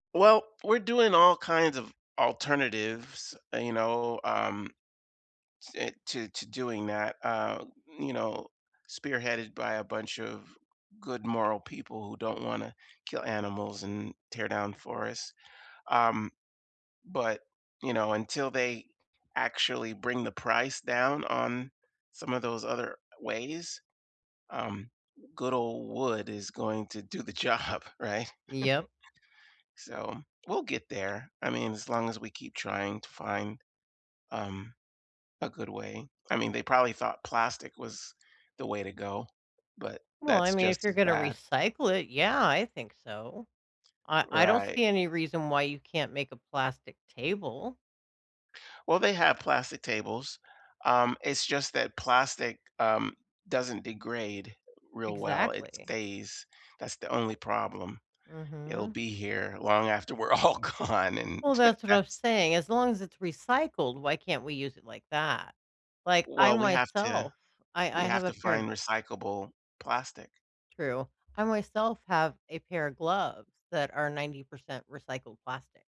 Well, we're doing all kinds of alternatives, you know, um, te to to doing that, uh, you know, spearheaded by a bunch of good moral people who don't wanna kill animals and tear down forests, um, but, you know, until they actually bring the price down on some of those other ways, um, good old wood is going to do the job, right? Yep. So, we'll get there, I mean, as long as we keep trying to find, um, a good way. I mean, they probably thought plastic was the way to go, but Well, I that's mean, just if you're as gonna bad. recycle it, yeah, I think so. I I don't Right. see any reason why you can't make a plastic table. Well, they have plastic tables, um, it's just that plastic, um, doesn't degrade real well, it Exactly. stays, that's the only problem. It'll Mhm. be here long after we're all gone, and Well, t that's what I was that's saying, as long as it's recycled, why can't we use it like that? Like, I Well, we have to myself I I we have have a to find pair recyclable plastic. True. I myself have a pair of gloves that are 90% recycled plastic.